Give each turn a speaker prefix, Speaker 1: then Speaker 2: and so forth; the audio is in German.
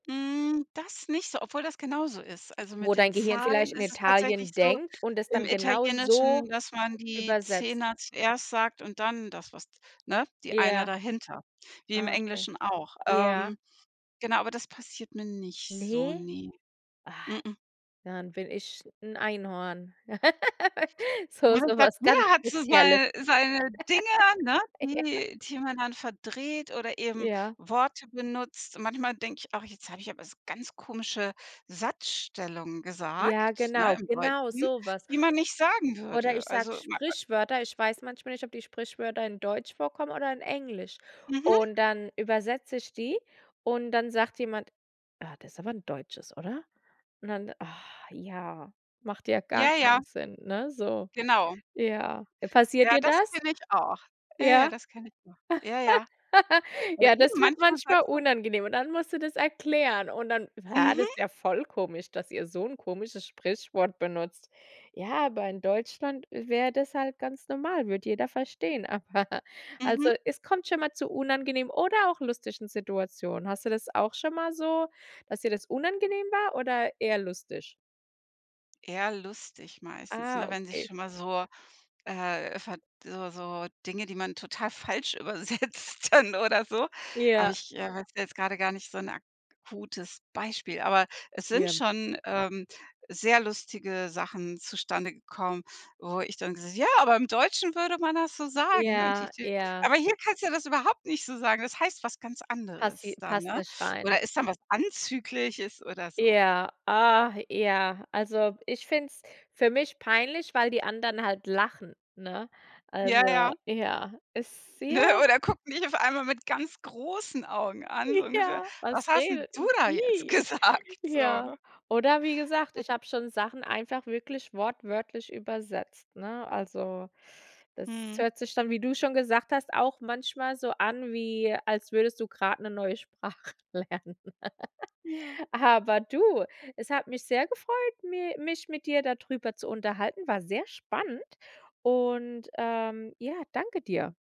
Speaker 1: Hm, das nicht so, obwohl das genauso ist. Also, mit
Speaker 2: Wo
Speaker 1: den
Speaker 2: dein Gehirn
Speaker 1: Zahlen
Speaker 2: vielleicht in
Speaker 1: ist es tatsächlich
Speaker 2: Italien
Speaker 1: so
Speaker 2: denkt und es
Speaker 1: im
Speaker 2: dann genau
Speaker 1: Italienischen,
Speaker 2: so
Speaker 1: dass man die
Speaker 2: übersetzt.
Speaker 1: Zehner zuerst sagt und dann das was ne, die Einer
Speaker 2: Ja.
Speaker 1: dahinter, wie im
Speaker 2: Ah, okay.
Speaker 1: Englischen auch.
Speaker 2: Ja.
Speaker 1: Ähm, genau, aber das passiert mir nicht so,
Speaker 2: Ne?
Speaker 1: ne.
Speaker 2: Ah,
Speaker 1: M-m.
Speaker 2: dann bin ich 'n Einhorn. So so
Speaker 1: [unintelligible]
Speaker 2: was ganz
Speaker 1: Jeder hat so
Speaker 2: Spezielles.
Speaker 1: sei seine Dinge, ne,
Speaker 2: Ja.
Speaker 1: die die man dann verdreht oder eben
Speaker 2: Ja.
Speaker 1: Worte benutzt. Manchmal denke ich auch: „Jetzt habe ich aber 's ganz komische Satzstellungen
Speaker 2: Ja,
Speaker 1: gesagt“, ne,
Speaker 2: genau,
Speaker 1: im
Speaker 2: genau
Speaker 1: Deutschen,
Speaker 2: so was.
Speaker 1: die man nicht sagen
Speaker 2: Oder
Speaker 1: würde,
Speaker 2: ich sage
Speaker 1: also [unintelligible]
Speaker 2: Sprichwörter. Ich weiß manchmal nicht, ob die Sprichwörter in Deutsch vorkommen oder in Englisch.
Speaker 1: Mhm.
Speaker 2: Und dann übersetze ich die, und dann sagt jemand: „Ah, das ist aber 'n Deutsches, oder?“ Und dann: „ja, macht ja gar
Speaker 1: Ja, ja.
Speaker 2: keinen Sinn, ne, so.“
Speaker 1: Genau.
Speaker 2: Ja. Passiert
Speaker 1: Ja,
Speaker 2: dir
Speaker 1: das
Speaker 2: das?
Speaker 1: kenne ich auch. Ja, ja,
Speaker 2: Ja.
Speaker 1: das kenne ich auch. Ja, ja. Aber
Speaker 2: Ja,
Speaker 1: eben
Speaker 2: das wird
Speaker 1: manchmal
Speaker 2: manchmal
Speaker 1: selbst so
Speaker 2: unangenehm. Und dann musst du das erklären. Und dann: „Bah,
Speaker 1: Mhm.
Speaker 2: das ist ja voll komisch, dass ihr so 'n komisches Sprichwort benutzt.“ Ja, aber in Deutschland i wäre das halt ganz normal, würde jeder verstehen. Aber also,
Speaker 1: Mhm.
Speaker 2: es kommt schon mal zu unangenehmen oder auch lustigen Situationen. Hast du das auch schon mal so, dass dir das unangenehm war oder eher lustig?
Speaker 1: Eher lustig meistens,
Speaker 2: Ah,
Speaker 1: ne, wenn sich
Speaker 2: okay.
Speaker 1: schon mal so, äh, ver so so Dinge, die man total falsch übersetzt dann oder so. Aber
Speaker 2: Ja.
Speaker 1: ich, äh, wüsste jetzt gerade gar nicht so 'n akutes Beispiel, aber es sind
Speaker 2: Ja.
Speaker 1: schon, ähm, sehr lustige Sachen zustande gekommen, wo ich dann ges ja, aber im Deutschen würde man das so sagen. Und
Speaker 2: Ja,
Speaker 1: [unintelligible]
Speaker 2: ja.
Speaker 1: aber hier kannst du das überhaupt nicht so sagen. Das heißt was ganz
Speaker 2: Passi
Speaker 1: anderes da,
Speaker 2: passt
Speaker 1: ne?
Speaker 2: nicht rein.
Speaker 1: Oder ist dann was Anzügliches oder so.
Speaker 2: Ja, ah, ja, also, ich finde es für mich peinlich, weil die anderen halt lachen, ne,
Speaker 1: Ja,
Speaker 2: also
Speaker 1: ja.
Speaker 2: ja, ist
Speaker 1: Ne,
Speaker 2: sehr
Speaker 1: oder gucken dich auf einmal mit ganz großen Augen an, so ungefähr:
Speaker 2: Ja.
Speaker 1: „Was
Speaker 2: „Was
Speaker 1: hast 'n
Speaker 2: redet
Speaker 1: du
Speaker 2: denn
Speaker 1: da jetzt
Speaker 2: die?“
Speaker 1: gesagt?“, so,
Speaker 2: Ja.
Speaker 1: ne?
Speaker 2: Oder wie gesagt,
Speaker 1: [unintelligible]
Speaker 2: ich habe schon Sachen einfach wirklich wortwörtlich übersetzt, ne? Also, das
Speaker 1: Mhm.
Speaker 2: hört sich dann, wie du schon gesagt hast, auch manchmal so an wie, als würdest du grad 'ne neue Sprache lernen.
Speaker 1: Ja.
Speaker 2: Aber du, es hat mich sehr gefreut, mir mich mit dir da drüber zu unterhalten. War sehr spannend. Und, ähm ja, danke dir.